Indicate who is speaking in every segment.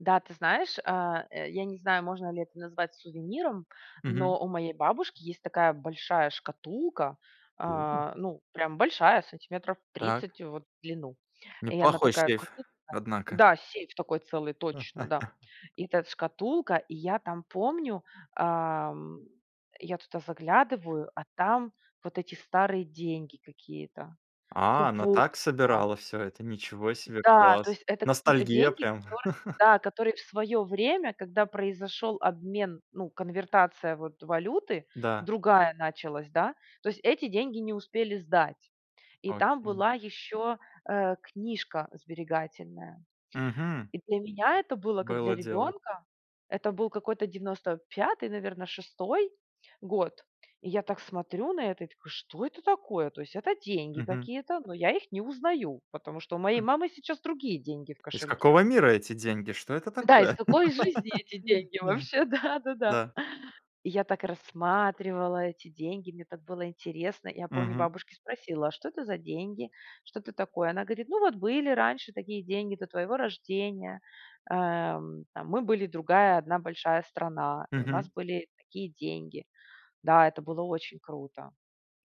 Speaker 1: Да, ты знаешь, а, э, я не знаю, можно ли это назвать сувениром,
Speaker 2: Мгм.
Speaker 1: но у моей бабушки есть такая большая шкатулка,
Speaker 2: О!
Speaker 1: а, ну, прям большая, сантиметров
Speaker 2: Так.
Speaker 1: 30 вот в длину, и она
Speaker 2: Неплохой
Speaker 1: такая
Speaker 2: сейф,
Speaker 1: крупная.
Speaker 2: однако.
Speaker 1: Да, сейф такой целый, точно, да. И этот шкатулка, и я там помню, ам, я туда заглядываю, а там вот эти старые деньги какие-то,
Speaker 2: А, она
Speaker 1: купоны
Speaker 2: так
Speaker 1: там.
Speaker 2: собирала всё это? Ничего себе,
Speaker 1: Да, то
Speaker 2: класс.
Speaker 1: есть, это какие-то
Speaker 2: Ностальгия
Speaker 1: деньги,
Speaker 2: прям.
Speaker 1: которые, да, которые в свое время, когда произошел обмен, ну, конвертация вот валюты,
Speaker 2: Да.
Speaker 1: другая началась, да, то есть, эти деньги не успели сдать. И там
Speaker 2: Окей.
Speaker 1: была еще, э, книжка сберегательная.
Speaker 2: Мгм.
Speaker 1: И для меня это было как для
Speaker 2: Было дело.
Speaker 1: ребенка, это был какой-то 95, наверно, 6 год. И я так смотрю на это и такой: "Что это такое?" То есть, это деньги
Speaker 2: Мгм.
Speaker 1: какие-то, но я их не узнаю, потому что у моей
Speaker 2: М.
Speaker 1: мамы сейчас другие деньги в
Speaker 2: Из
Speaker 1: кошельке.
Speaker 2: какого мира эти деньги? Что это
Speaker 1: Да, из
Speaker 2: такое?
Speaker 1: какой жизни эти деньги?
Speaker 2: Да.
Speaker 1: Вообще, да-да-да.
Speaker 2: Да.
Speaker 1: И я так рассматривала эти деньги, мне так было интересно. Я помню, у
Speaker 2: Мгм.
Speaker 1: бабушки спросила: "А что это за деньги? Что это такое?" Она говорит: "Ну вот были раньше такие деньги до твоего рождения. Эм, там мы были другая одна большая страна и у нас
Speaker 2: Мгм.
Speaker 1: были такие деньги". Да, это было очень круто.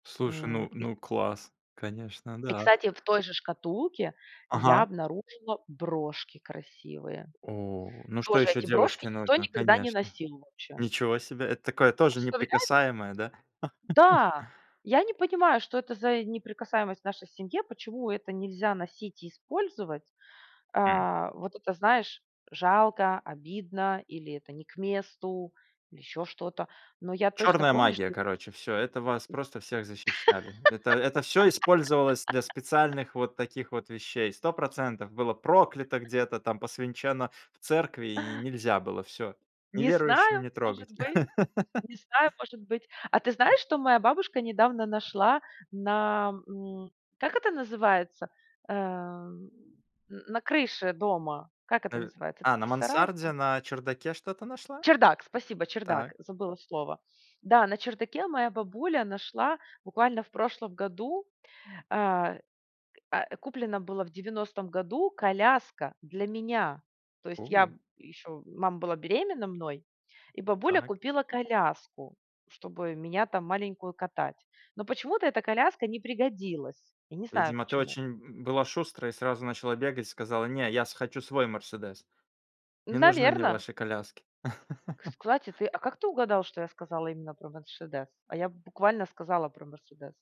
Speaker 2: Слушай,
Speaker 1: М,
Speaker 2: ну
Speaker 1: и
Speaker 2: ну класс, конечно,
Speaker 1: и
Speaker 2: да.
Speaker 1: кстати, в той же шкатулке я
Speaker 2: Ага.
Speaker 1: обнаружила брошки красивые.
Speaker 2: О! Ну что
Speaker 1: Тоже
Speaker 2: ещё
Speaker 1: эти брошки
Speaker 2: девушке
Speaker 1: никто
Speaker 2: нужно?
Speaker 1: никогда не
Speaker 2: Конечно.
Speaker 1: носил вообще.
Speaker 2: Ничего себе. Это такое тоже
Speaker 1: Представляе
Speaker 2: неприкасаемое, да?
Speaker 1: Да! Я не понимаю, что это за и неприкасаемость в нашей семье. Почему это нельзя носить и использовать?
Speaker 2: М.
Speaker 1: А, вот это знаешь, жалко, обидно, или это не к месту, или еще что-то. Но я точно
Speaker 2: Черная
Speaker 1: помню, что
Speaker 2: магия,
Speaker 1: я
Speaker 2: короче, всё. Это вас просто всех защищали. Это это всё использовалось для специальных вот таких вот вещей. 100 % было проклято где-то там, посвенчено в церкви и нельзя было, всё.
Speaker 1: Не
Speaker 2: Неверующим
Speaker 1: знаю,
Speaker 2: не
Speaker 1: может
Speaker 2: трогать.
Speaker 1: быть. Не знаю, может быть. А ты
Speaker 2: М.
Speaker 1: знаешь, что моя бабушка недавно нашла на м Как это называется? Эм, н на крыше дома. Как это
Speaker 2: Э,
Speaker 1: называется? Это
Speaker 2: а на
Speaker 1: не сарай а
Speaker 2: мансарде, на чердаке что-то нашла?
Speaker 1: Чердак, спасибо чердак,
Speaker 2: Так.
Speaker 1: забыла слово. Да, на чердаке моя бабуля нашла буквально в прошлом году, а, к а, а, куплено было в 90 году коляска для меня. То есть, я
Speaker 2: О.
Speaker 1: б еще мама была беременна мной и бабуля
Speaker 2: Так.
Speaker 1: купила коляску, чтобы меня там маленькую катать. Но почему-то эта коляска не пригодилась. Я не знаю
Speaker 2: Видимо ты была
Speaker 1: почему.
Speaker 2: очень б была шустрая и сразу начала бегать, сказала: "Не я с хочу свой Мерседес не нужны мне
Speaker 1: Наверно.
Speaker 2: ваши коляски".
Speaker 1: Кстати, ты а как ты угадал, что я сказала именно про Мерседес? А я буквально сказала про Мерседес.